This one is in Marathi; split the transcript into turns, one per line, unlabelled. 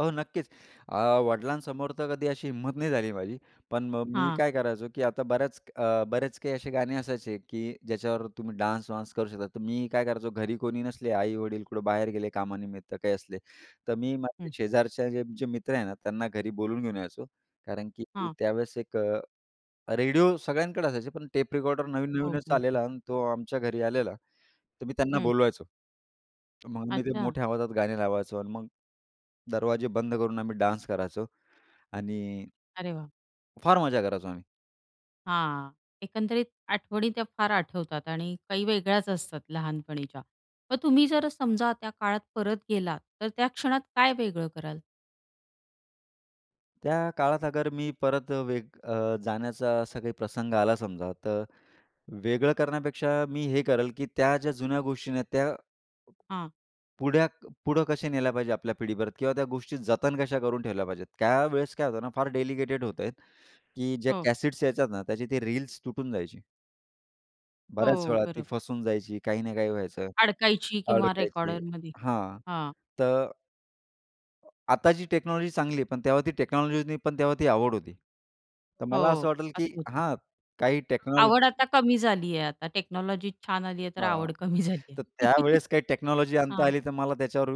हो, नक्कीच. अ, वडिलांसमोर तर कधी अशी हिम्मत नाही झाली माझी. पण मग मी
हां.
काय करायचो, की आता बऱ्याच अं, बरेच काही असे गाणे असायचे, की ज्याच्यावर तुम्ही डान्स वांस करू शकता, तर मी काय करायचो, घरी कोणी नसले, आई-वडील कुठं बाहेर गेले कामानिमित्त काही असले, तर मी माझ्या
हं.
शेजारच्या जे, जे मित्र आहे ना, त्यांना घरी बोलून घेऊन यायचो. कारण की
हां.
त्यावेळेस एक अ, रेडिओ सगळ्यांकडे असायचे. पण टेप रेकॉर्डर
हो,
नवीन-नवीनच
हो. हो.
आलेला आणि तो आमच्या घरी आलेला. तर मी त्यांना
हं.
बोलवायचो, मग मी ते
अच्छा.
मोठ्या आवाजात गाणी लावायचो आणि मग दरवाजे बंद करून, आम्ही डान्स करायचो आणि
अरे वाह!
फार मज्जा करायचो आम्ही.
हां. एकंदरीत आठवणी त्या फार आठवतात आणि काही वेगळ्याच असतात लहानपणीच्या. मग तुम्ही जर समजा, त्या काळात परत गेलात, तर त्या क्षणात काय वेगळं कराल?
त्या काळात अगर मी परत अ, वेग अ, जाण्याचा असा काही प्रसंग आला समजा, तर वेगळं करण्यापेक्षा मी हे करेल, की त्या ज्या जुन्या गोष्टी आहे नं, त्या
हां.
पुढया पुढे कशा नेल्या पाहिजे आपल्या पिढीबरोबर, किंवा त्या गोष्टी जतन कशा करून ठेवल्या पाहिजेत. त्या वेळेस काय होतं ना, फार डेलिकेटेड होता, की ज्या
हो.
कॅसेट्स यायच्या ना, त्याचे ते रील्स तुटून जायची. बऱ्याच
हो.
वेळा ती
बरोबर.
फसून जायची, काही ना काही व्हायचं,
अडकायची किंवा
अडकायची.
रेकॉर्डरमध्ये.
हां.
हां.
तर, आताची टेक्नॉलॉजी चांगली आहे. पण तेव्हा ती टेक्नॉलॉजी नव्हती, पण तेव्हा ती आवड होती. तर मला असं
हो,
वाटल, की
असं होतं.
हां. काही
आवड
टेक्नॉलॉजी
आता कमी झाली आहे. आता टेक्नॉलॉजी छान आली आहे तर
हां,
आवड कमी झाली आहे.
तर त्यावेळेस काही टेक्नॉलॉजी आणता
हां.
आली, तर मला त्याच्यावर